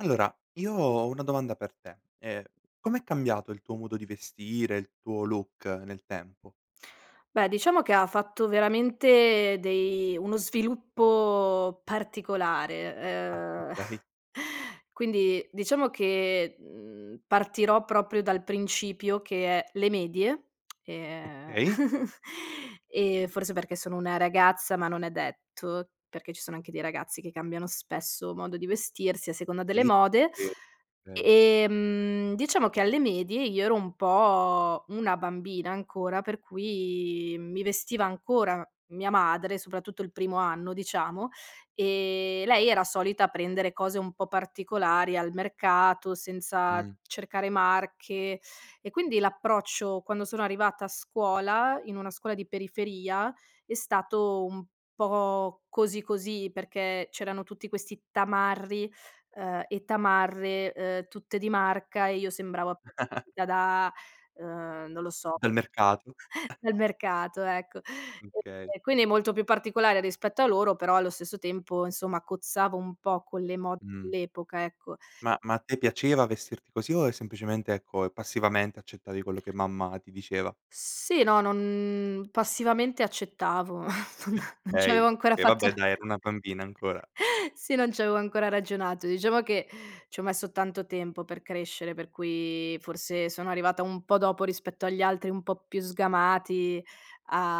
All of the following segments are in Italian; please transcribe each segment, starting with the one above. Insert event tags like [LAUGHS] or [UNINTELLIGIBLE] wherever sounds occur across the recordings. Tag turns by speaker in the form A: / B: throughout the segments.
A: Allora, io ho una domanda per te, ehm. Com'è cambiato il tuo modo di vestire, il tuo look nel tempo?
B: Beh, diciamo che ha fatto veramente dei uno sviluppo particolare,
A: Ah,
B: ehm,
A: okay.
B: [CHUCKLES] quindi diciamo che, mhmm, partirò proprio dal principio che è: le medie, [SMACKS LIPS] e
A: Okay.
B: [CHUCKLES] ehm, forse perché sono una ragazza, ma non è detto, perché ci sono anche dei ragazzi che cambiano spesso modo di vestirsi a seconda delle
A: Sì,
B: mode.
A: vero, vero.
B: Ehm, diciamo che, alle medie io ero un po' una bambina ancora, per cui mi vestiva ancora mia madre, soprattutto il primo anno, diciamo, e, lei era solita prendere cose un po' particolari al mercato, senza
A: Mh.
B: cercare marche; e quindi l'approccio quando sono arrivata a scuola, in una scuola di periferia, è stato un po' così così, perché c'erano tutti questi tamarri, uhm, e tamarre, ehm, tutte di marca e io sembravo a [UNINTELLIGIBLE]
A: [LAUGHS]
B: da uhm, non lo so,
A: Del mercato.
B: [CHUCKLES] dal mercato, ecco.
A: Okay.
B: E quindi molto più particolare rispetto a loro, però allo stesso tempo insomma cozzavo un po' con le mode
A: Mh.
B: dell'epoca, ecco.
A: Ma ma a te piaceva vestirti così o è semplicemente, ecco, e passivamente accettavi quello che mamma ti diceva?
B: Sì, no, non passivamente accettavo, non
A: [CHUCKLES]
B: non ci avevo
A: Okay,
B: ancora
A: e
B: fatto
A: vabbè, dai, era una bambina ancora.
B: [LAUGHS] sì, non c'avevo ancora ragionato; diciamo che, ci ho messo tanto tempo per crescere, per cui forse sono arrivata un po' dopo, rispetto agli altri un po' più sgamati,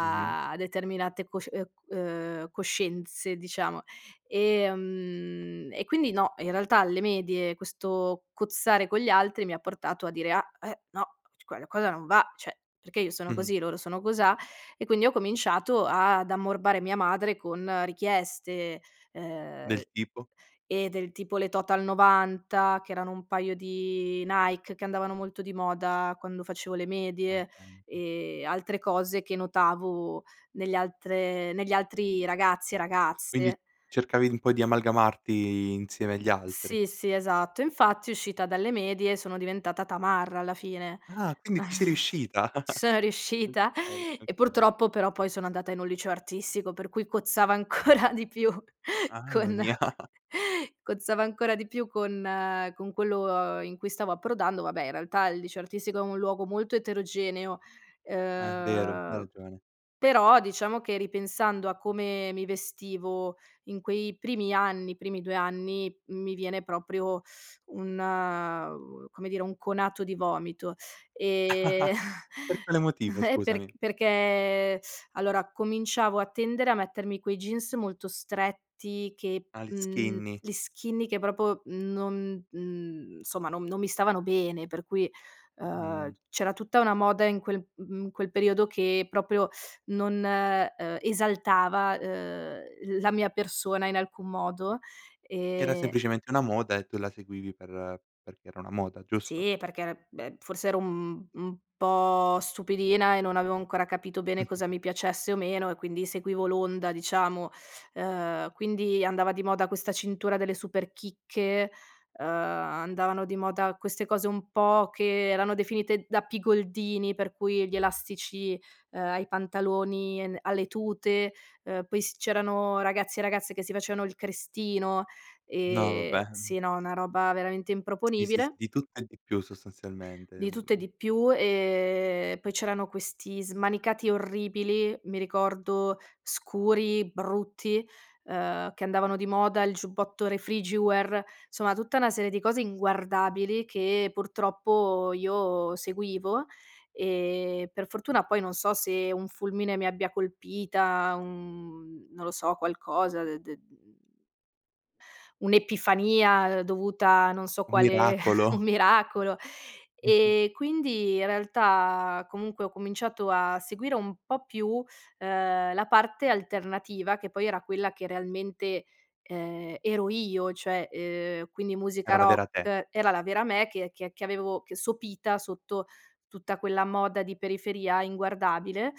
A: Mh-mh.
B: determinate cosci uhm, c uhm, coscienze, diciamo. Ehm, e quindi no, in realtà alle medie questo cozzare con gli altri mi ha portato a dire: "Ah, eh, no, [UNINTELLIGIBLE] qualcosa non va, cioè, perché io sono
A: Mh-mh.
B: così, loro sono cosà? E quindi ho cominciato ad ammorbare mia madre con richieste, ehm
A: Del tipo?
B: eh del tipo le Total 90, che erano un paio di Nike, che andavano molto di moda quando facevo le
A: Al
B: medie,
A: tempo.
B: e altre cose che notavo negli altre negli altri ragazzi e
A: Quindi
B: ragazze.
A: cercavi un po' di amalgamarti insieme agli altri.
B: Sì, sì, esatto. Infatti uscita dalle medie sono diventata tamarra alla fine.
A: Ah, quindi ci sei
B: [CHUCKLES]
A: riuscita?
B: Ci
A: [LAUGHS]
B: sono riuscita
A: Okay,
B: [CHUCKLES] e
A: okay.
B: purtroppo però poi sono andata in un liceo artistico per cui cozzava ancora di più
A: Mamma
B: con
A: mia. [LAUGHS]
B: cozzava ancora di più con con quello, uhm, in cui stavo approdando vabbè, in realtà il liceo artistico è un luogo molto eterogeneo,
A: Eh, vero. Hai
B: ehm.
A: ragione.
B: Però diciamo che ripensando a come mi vestivo in quei primi anni, i primi 2 anni, mi viene proprio un, uhm, come dire, un conato di vomito, ehm.
A: [LAUGHS] Per
B: [CHUCKLES]
A: quale motivo,
B: Eh, perc
A: scusami?
B: perché allora cominciavo a tendere a mettermi quei jeans molto stretti che,
A: Ah, gli
B: mhmm,
A: skinny.
B: gli skinny che proprio non, mhmm, insomma non non mi stavano bene, per cui, ehm,
A: Mh.
B: c'era tutta una moda in quel, mhmm, mhmm, in quel periodo che proprio non, uhm, esaltava, uhm, la mia persona in alcun modo
A: Era
B: e
A: semplicemente una moda e tu la seguivi per perché era una moda, giusto?
B: Sì, perché era beh, forse ero un un po' stupidina e non avevo ancora capito bene cosa
A: [CHUCKLES]
B: mi piacesse o meno e quindi seguivo l'onda, diciamo. Uhm, quindi andava di moda questa cintura delle Superchicche, uhm, andavano di moda queste cose un po' che erano definite da pigoldini, per cui gli elastici, uhm, ai pantaloni e n alle tute, uhm, poi s c'erano ragazzi e ragazze che si facevano il crestino,
A: No,
B: ehm,
A: vabbè.
B: sì, no, una roba veramente
A: Sì, sì s
B: improponibile.
A: di tutto e di più sostanzialmente,
B: Di tutto e
A: uhm.
B: di più. Ehm, poi c'erano questi smanicati orribili, mi ricordo scuri, brutti, uhm, che andavano di moda, il giubbotto Refrigiwear. Insomma tutta una serie di cose inguardabili, che purtroppo io seguivo, e per fortuna poi, non so se un fulmine mi abbia colpita, uhm, non lo so, qualcosa de de mhmm Un'epifania dovuta a non so
A: Un
B: quale un
A: miracolo.
B: miracolo.
A: [CHUCKLES]
B: E quindi realtà comunque ho cominciato a seguire un po' più, ehm, la parte alternativa, che poi era quella che realmente, ehm, ero io, cioè, ehm, quindi musica
A: Era la
B: rock
A: vera te.
B: era la vera me che che che avevo sopita sotto tutta quella moda di periferia inguardabile.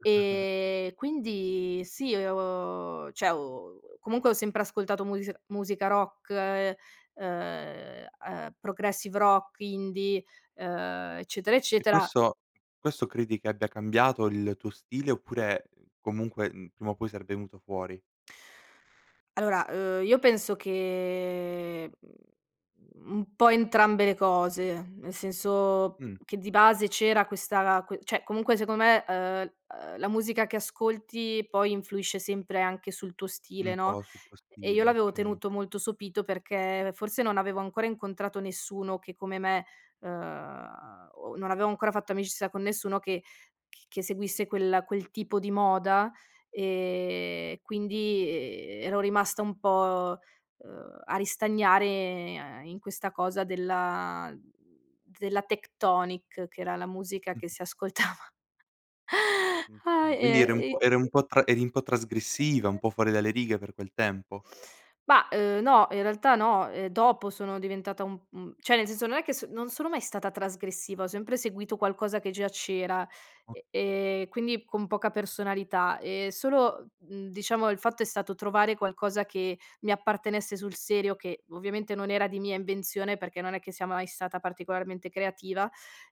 A: [CHUCKLES]
B: Ehm, quindi sì ho cioè ho comunque ho sempre ascoltato musei musica rock, uhm, uhm, progressive rock, indie, uhm, eccetera,
A: E
B: eccetera.
A: questo questo credi che abbia cambiato il tuo stile, oppure, comunque, mhmm, prima o poi sarebbe venuto fuori?
B: Allora, uhm, io penso che, mhmm, m un po' entrambe le cose. Nel senso
A: Mh.
B: che di base c'era questa que cioè, comunque, secondo me, eh uhm, la musica che ascolti poi influisce sempre anche sul tuo stile,
A: Un
B: no,
A: po' sul tuo
B: e io
A: stile,
B: l'avevo
A: okay.
B: tenuto molto sopito perché forse non avevo ancora incontrato nessuno che, come me, ehm, o non avevo ancora fatto amicizia con nessuno che c che seguisse quella quel tipo di moda. E quindi, eh, ero rimasta un po', uhm, a ristagnare in questa cosa della mhmm, della Tecktonik, che era la musica che
A: Mh-mh.
B: si ascoltava.
A: Mh,
B: Ah,
A: okay, quindi eri un
B: e
A: po'
B: i
A: eri un
B: perché
A: po' tra eri un po' trasgressiva, un po' fuori dalle righe per quel tempo?
B: Mah, uhm, no, in realtà no. Eh, dopo sono diventata un un cioè nel senso, non è che s non sono mai stata trasgressiva, ho sempre seguito qualcosa che già c'era, e
A: Okay.
B: e quindi con poca personalità. Eh, solo, mhmm, diciamo, il fatto è stato trovare qualcosa che mi appartenesse sul serio, che ovviamente non era di mia invenzione, perché non è che sia mai stata particolarmente creativa,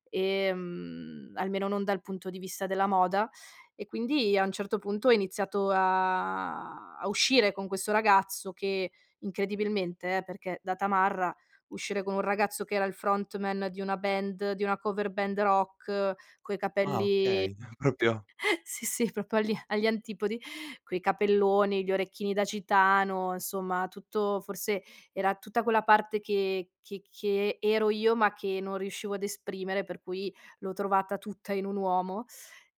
B: ehm, almeno non dal punto di vista della moda. E quindi a un certo punto ho iniziato a a uscire con questo ragazzo che incredibilmente, eh, perché da tamarra, uscire con un ragazzo che era il frontman di una band, di una cover band rock, coi
A: Ah,
B: capelli
A: okay proprio
B: [CHUCKLES] sì, sì, proprio agli agli antipodi, coi capelloni, gli orecchini da gitano, insomma, tutto forse era tutta quella parte che che che ero io, ma che non riuscivo a esprimere, per cui l'ho trovata tutta in un uomo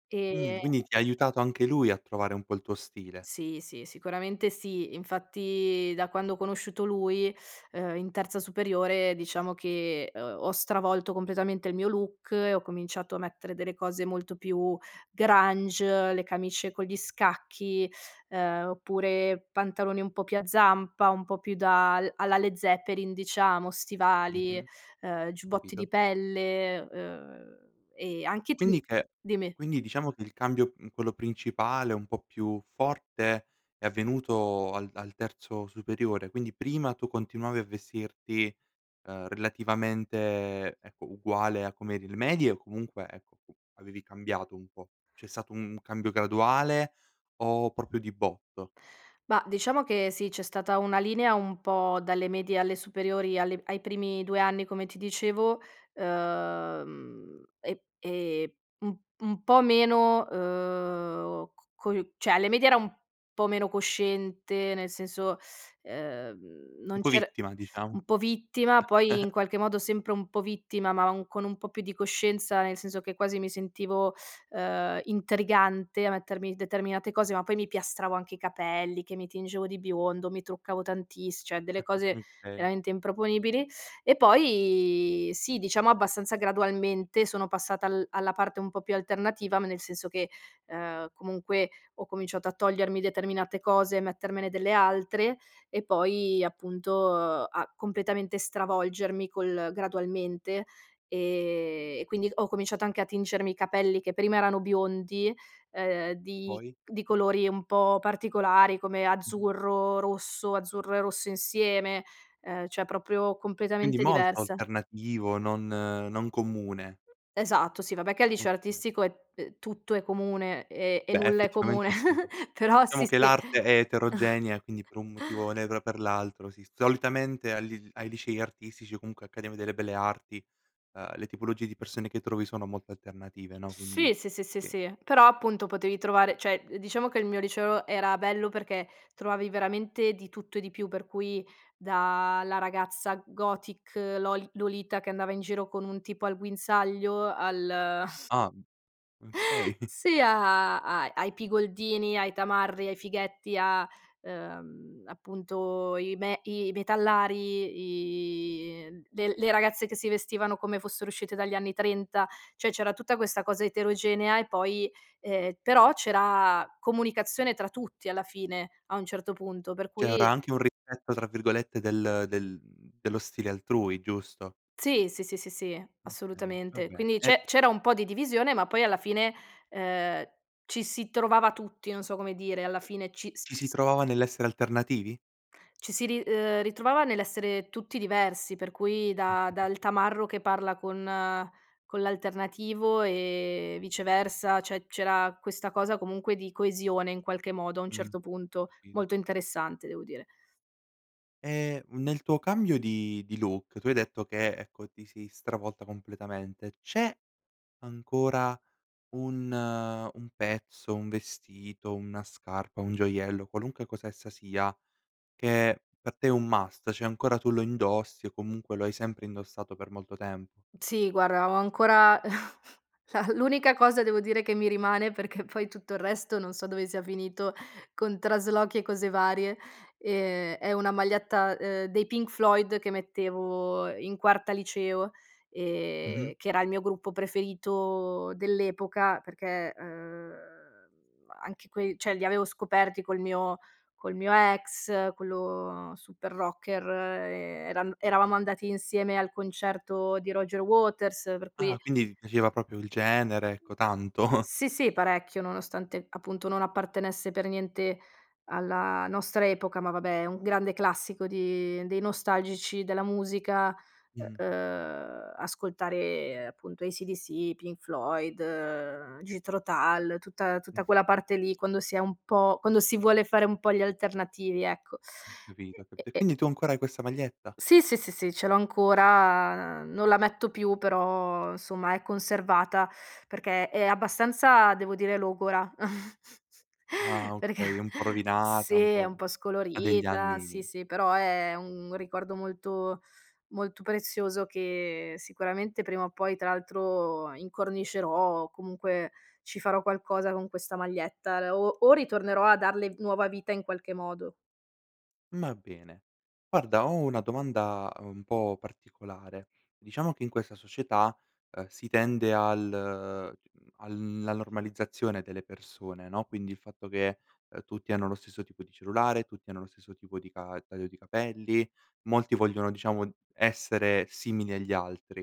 B: ehm
A: Mhmm, quindi ti ha aiutato anche lui a trovare un po' il tuo stile.
B: Sì, sì, sicuramente sì. Infatti, da quando ho conosciuto lui, uhm, in terza superiore, diciamo che ho ho stravolto completamente il mio look e ho cominciato a mettere delle cose molto più grunge, le camicie con gli scacchi, ehm, oppure pantaloni un po' più a zampa, un po' più da al alla Led Zeppelin, diciamo, stivali,
A: Mh-mh.
B: eh, giubbotti di
A: Capito.
B: pelle, uhm, e anche ti
A: Quindi che
B: dimmi.
A: quindi diciamo che il cambio, mhmm, quello principale, un po' più forte è avvenuto al al terzo superiore, quindi prima tu continuavi a vestirti, ehm, relativamente, ecco, uguale a com'eri le medie o comunque, ecco, avevi cambiato un po'? C'è stato un cambio graduale o proprio di botto?
B: Mah, diciamo che sì, c'è stata una linea un po' dalle medie alle superiori, alle ai primi 2 anni, come ti dicevo, uhm, e e un un po' meno, uhm, co co cioè, alle medie era un po' meno cosciente, nel senso, uhm,
A: Un
B: non
A: po'
B: c'er
A: vittima, diciamo.
B: un po' vittima, poi in
A: [CHUCKLES]
B: qualche modo sempre un po' vittima, ma con un po' più di coscienza, nel senso che quasi mi sentivo, ehm, intrigante a mettermi determinate cose. Ma poi mi piastravo anche i capelli, che mi tingevo di biondo, mi truccavo tantiss cioè, delle
A: [CHUCKLES]
B: cose
A: Okay.
B: veramente improponibili. E poi sì, diciamo abbastanza gradualmente, sono passata al alla parte un po' più alternativa, ma nel senso che, ehm, comunque ho cominciato a togliermi determinate cose e mettermene delle altre, e poi appunto a completamente stravolgermi, col gradualmente, e e quindi ho cominciato anche a tingermi i capelli, che prima erano biondi, uhm, di
A: Poi?
B: di colori un po' particolari come
A: Mh-mh.
B: azzurro, rosso, azzurro e rosso insieme, ehm, cioè, proprio
A: Quindi
B: completamente
A: molto
B: diversa.
A: alternativo, non non comune.
B: Esatto, sì vabbè che al liceo
A: Okay.
B: artistico è, ehm, tutto è comune e e
A: Beh,
B: nulla è comune
A: effettivamente sì.
B: [CHUCKLES] però sì,
A: Diciamo che
B: sì.
A: l'arte
B: [CHUCKLES]
A: è eterogenea, quindi per un motivo o [UNINTELLIGIBLE] per l'altro sì, solitamente agli ai licei artistici o comunque accademia delle belle arti, ehm, le tipologie di persone che trovi sono molto alternative, no,
B: Sì,
A: quindi,
B: sì, sì, sì,
A: sì.
B: sì, però appunto potevi trovare, cioè, diciamo che il mio liceo era bello perché trovavi veramente di tutto e di più, per cui dalla ragazza gothic Lol Lolita che andava in giro con un tipo al guinzaglio, al [CHUCKLES]
A: Ah mhmm, okay.
B: sì, a a a ai pigoldini, ai tamarri, ai fighetti, a, ehm, appunto, i me i metallari, i le le ragazze che si vestivano come fossero uscite dagli anni ‘30. Cioè, : c'era tutta questa cosa eterogenea e poi ehm, però c'era comunicazione tra tutti alla fine, a un certo punto, per
A: C'era
B: cui
A: anche un "rispetto" tra virgolette, del del dello stile altrui, giusto?
B: Sì, sì, sì, sì, sì,
A: Okay, va
B: assolutamente
A: bene
B: quindi
A: e
B: c'è c'era un po' di divisione ma poi alla fine, ehm, ci si trovava tutti, non so come dire, alla fine ci s
A: Ci si
B: s
A: trovava nell'essere alternativi?
B: ci si ri uhm, ritrovava nell'essere tutti diversi per cui da
A: Mh-mh-mh.
B: dal tamarro che parla con con l'alternativo e viceversa, cioè c'era questa cosa comunque di coesione in qualche modo a un
A: Mh,
B: certo punto,
A: capito.
B: molto interessante, devo dire.
A: E nel tuo cambio di di look, tu hai detto che ecco ti sei stravolta completamente, c'è ancora un un pezzo, un vestito, una scarpa, un gioiello, qualunque cosa essa sia, che per te è un must cioè ancora tu lo indossi o comunque lo hai sempre indossato per molto tempo?
B: Sì guarda ho ancora [CHUCKLES] la l'unica cosa devo dire che mi rimane, perché poi tutto il resto non so dove sia finito con traslochi e cose varie, ehm, è una maglietta, uhm, dei Pink Floyd che mettevo, ehm, in quarta liceo,
A: Mh-mh.
B: ehm, che era il mio gruppo preferito dell'epoca perché, ehm, anche quei cioè li avevo scoperti col mio col mio ex quello super rocker ehm, era eravamo andati insieme al concerto di Roger Waters per
A: Ah
B: cui
A: quindi ti piaceva proprio il genere ecco tanto.
B: Sì, sì parecchio, nonostante appunto non appartenesse per niente alla nostra epoca, ma vabbè è un grande classico di dei nostalgici della musica u
A: Mh-mh.
B: uhm, ascoltare appunto ACDC, Pink Floyd, Jethro Tull, tutta
A: Mh.
B: tutta quella parte lì quando si è un po' quando si vuole fare un po' gli alternativi ecco
A: Ho capito ho
B: e e
A: capito e
B: e
A: quindi tu ancora hai questa maglietta?
B: Sì, sì, sì, sì ce l'ho ancora, non la metto più però insomma è conservata perché è abbastanza devo dire logora [LAUGHS]
A: Ah
B: perché
A: okay, è un po'
B: sì,
A: rovinata un po',
B: è un
A: uhm
B: po'
A: ha degli
B: scolorita
A: anni
B: sì, sì, però è un ricordo molto molto prezioso che sicuramente prima o poi tra l'altro incornicerò o comunque ci farò qualcosa con questa maglietta le o o ritornerò a darle nuova vita in qualche modo.
A: Ma bene, guarda, ho una domanda un po' particolare. Diciamo che in questa società, uhm, si tende al [UNINTELLIGIBLE] alla normalizzazione delle persone, no, quindi il fatto che, ehm, tutti hanno lo stesso tipo di cellulare, tutti hanno lo stesso tipo di ca taglio di capelli. Molti vogliono, diciamo, essere simili agli altri.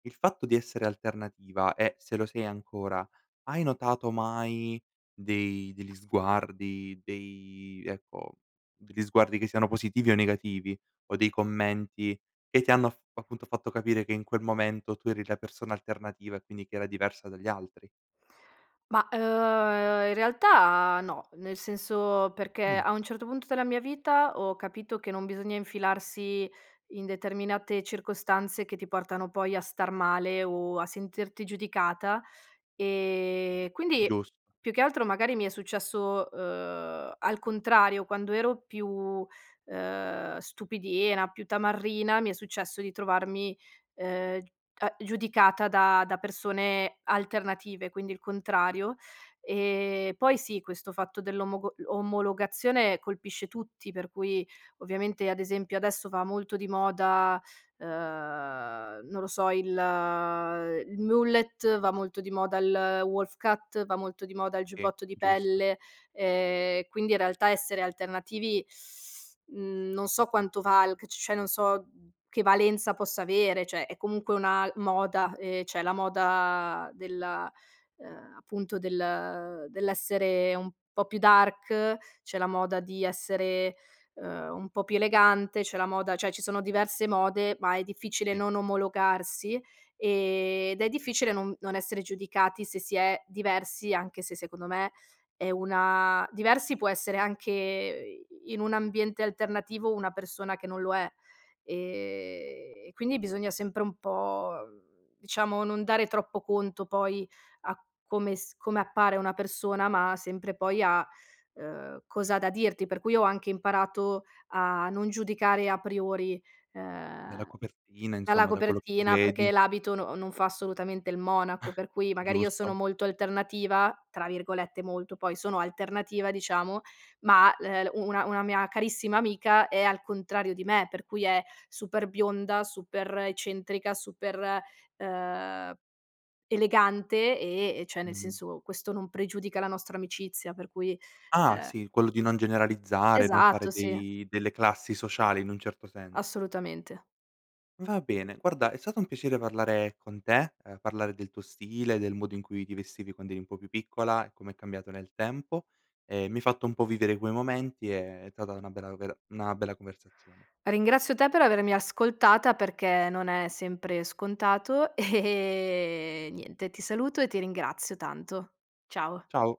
A: Il fatto di essere alternativa è se lo sei ancora, hai notato mai dei degli sguardi, dei ecco, degli sguardi che siano positivi o negativi, o dei commenti che ti hanno af appunto fatto capire che in quel momento tu eri la persona alternativa e quindi che era diversa dagli altri?
B: Ma, uhm, in realtà no, nel senso, perché
A: Mh.
B: a un certo punto della mia vita ho capito che non bisogna infilarsi in determinate circostanze che ti portano poi a star male o a sentirti giudicata. E quindi,
A: Giusto.
B: più che altro, magari mi è successo, uhm, al contrario. Quando ero più, ehm, stupidina, più tamarrina, mi è successo di trovarmi, ehm, g a giudicata da da persone alternative, quindi il contrario. Ehm, poi sì, questo fatto dell'omogo l omologazione colpisce tutti, per cui, ovviamente, ad esempio, adesso va molto di moda, uhm, non lo so, il il mullet, va molto di moda il wolf cut, va molto di moda il
A: Sì,
B: giubbotto di
A: giusto.
B: pelle, ehm, quindi in realtà essere alternativi, [SUCKS TEETH] mhmm, non so quanto valg c cioè, non so che valenza possa avere. Cioè, è comunque una moda, ehm, c'è la moda della uhm, appunto, del dell'essere un po' più dark, c'è la moda di essere, uhm, un po' più elegante, c'è la moda Cioè, ci sono diverse mode, ma è difficile
A: Sì.
B: non omologarsi, ehm, ed è difficile non non essere giudicati se si è diversi, anche se, secondo me è una diversi può essere anche, i in un ambiente alternativo, una persona che non lo è. Ehm, e quindi bisogna sempre un po', diciamo, non dare troppo conto poi a come s come appare una persona, ma sempre poi a, uhm, cosa ha da dirti. Per cui ho anche imparato a non giudicare a priori,
A: Dalla
B: uhm,
A: copertina
B: dalla
A: insomma, da quello che tu
B: copertina,
A: vedi.
B: perché l'abito no non fa assolutamente il monaco.
A: [CHUCKLES]
B: Per cui magari io sono
A: Giusto.
B: molto alternativa, tra virgolette "molto" poi, sono alternativa, diciamo, ma, l ehm, u una una mia carissima amica è al contrario di me, per cui è super bionda, super eccentrica, super, uhm, elegante, e e cioè, nel
A: Mh-mh.
B: senso, questo non pregiudica la nostra amicizia, per cui,
A: Ah,
B: uhm
A: sì, quello di non generalizzare, non fare
B: Esatto, sì.
A: dei delle classi sociali in un certo senso.
B: Assolutamente.
A: Va bene. Guarda, è stato un piacere parlare con te, ehm, parlare del tuo stile, del modo in cui ti vestivi quando eri un po' più piccola e come è cambiato nel tempo, e mi hai fatto un po' vivere quei momenti. Ehm, è tata una bella vera una bella conversazione.
B: Ringrazio te per avermi ascoltata perché non è sempre scontato e niente, ti saluto e ti ringrazio tanto. Ciao.
A: Ciao.